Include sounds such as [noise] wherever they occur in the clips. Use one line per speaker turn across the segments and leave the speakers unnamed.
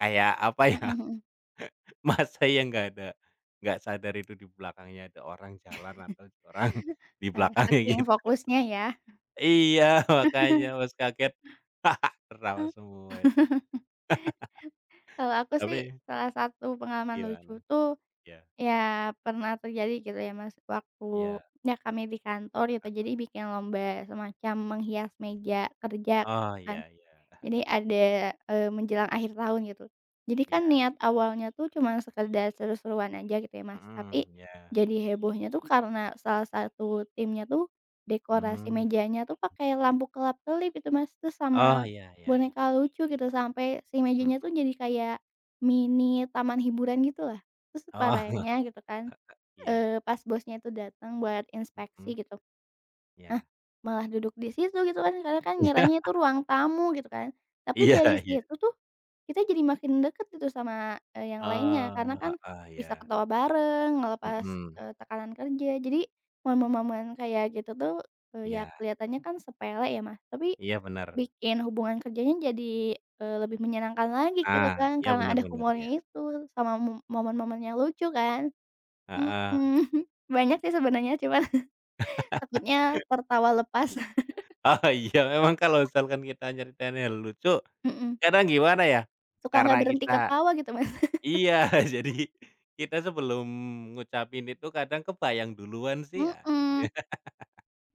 Kayak apa ya,
Mhm mhm.
[laughs] Masa ya enggak ada, enggak sadar itu di belakangnya ada orang jalan
[chuckles]
atau orang di
Eee,
belakangnya,
saking
gitu.
fokusnya ya.
Iya, makanya
[chuckles]
Mas kaget, [laughs]
E
tertawa semua itu.
[chuckles] Kalau
[laughs]
aku sih,
Tapi
salah satu pengalaman lucu
Gimana?
tuh,
Iya.
ya pernah terjadi gitu ya Mas,
Iya.
waktunya kami di kantor gitu, jadi
Heeh.
bikin lomba semacam menghias meja kerja
Oh,
kan,
iya iya.
jadi
[chuckles]
ada, eee, menjelang akhir tahun gitu. Jadi kan
Iya.
niat awalnya tuh cuman sekedar seru-seruan aja gitu ya Mas,
Mhm,
tapi
iya.
jadi hebohnya tuh karena salah satu timnya tuh, dekorasi
Mhm.
mejanya tuh pakai lampu kelap-kelip itu Mas, terus
Oh,
sama
iya iya.
boneka lucu, gitu. Sampai si mejanya tuh
Mhm.
jadi kayak mini taman hiburan gitu lah, terus
Oh.
parahnya gitu kan,
[chuckles] Iya.
eee, pas bosnya itu datang buat
Mhm.
inspeksi gitu. Nah,
Iya.
malah duduk di situ gitu kan karena kan ngiranya
[laughs]
tuh ruang tamu gitu kan. Tapi
Iya
dari
iya.
situ tuh kita jadi makin deket gitu sama, eee, yang lainnya, karena
Oh,
kan
heeh,
bisa
iya.
ketawa bareng, ngelepas,
Mhm.
eee, tekanan kerja. Jadi momen-momen kayak gitu tuh, eee, ya
Iya.
kelihatannya kan sepele ya Mas, tapi
Iya, bener.
bikin hubungan kerjanya jadi, eee, lebih menyenangkan lagi gitu
Ah,
kan,
iya
karena
bener
ada
bener, iya.
humornya itu sama mo momen-momen yang lucu kan mhm.
Heeh.
[chuckles] Banyak sih sebenarnya, cuma takutnya
[laughs]
tertawa lepas.
Oh, iya. Memang kalau misalkan kita
[laughs]
nyeritainnya lucu,
Mhm.
kadang gimana ya,
Suka
karena
nggak berhenti
kita
ketawa gitu, Mas.
iya, jadi
[laughs]
kita sebelum ngucapin itu kadang kebayang duluan sih ya gitu ya.
Mhm.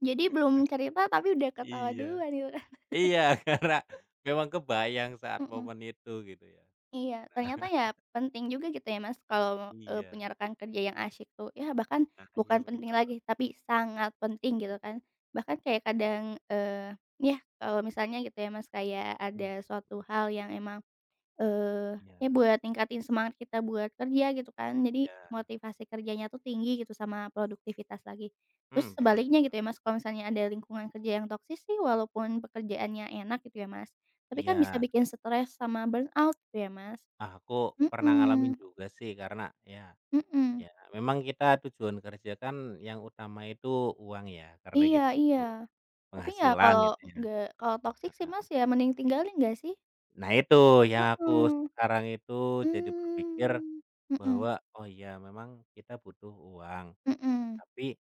Jadi belum cerita tapi udah
[unintelligible]
ketawa
Iya.
duluan gitu.
Iya, karena
[chuckles]
memang kebayang saat
Mhm.
momen itu, gitu ya.
Iya.
Ah
Ternyata
[chuckles]
ya penting juga gitu ya Mas kalau, eee,
Iya.
punya rekan kerja yang asyik tuh. Ya bahkan
Nah, iya
bukan penting
benar.
lagi tapi sangat penting gitu
Mhm.
kan. Bahkan kayak kadang, eee, yah kalau misalnya gitu ya Mas kayak
Mhm.
ada suatu
Mhm.
hal yang emang, eee,
Iya.
ya buat ningkatin semangat kita buat kerja gitu kan. Jadi
Iya.
motivasi kerjanya tuh tinggi gitu sama produktivitas lagi. Terus
Hmm, bener
sebaliknya gitu
bener.
ya Mas, kalau misalnya ada lingkungan kerja yang toxic sih walaupun pekerjaannya enak gitu ya Mas, tapi kan bisa
Iya.
bikin stress sama burn out gitu ya, Mas.
Ah, aku pernah ngalamin
Mhm.
juga sih karena ya,
Mhm.
ya memang kita tujuan kerja kan yang utama itu uang ya, karena
Iya
kita
iya.
butuh
Tapi ya
penghasilan
kalau
gitu
e
ya.
enggak, kalau toxic sih
Heeh.
Mas, ya mending tinggalin nggak sih?
Nah itu yang aku
Heeh.
sekarang itu jadi berpikir
Mmm, mhm.
bahwa, "Oh iya memang kita butuh uang,
Mhm.
tapi"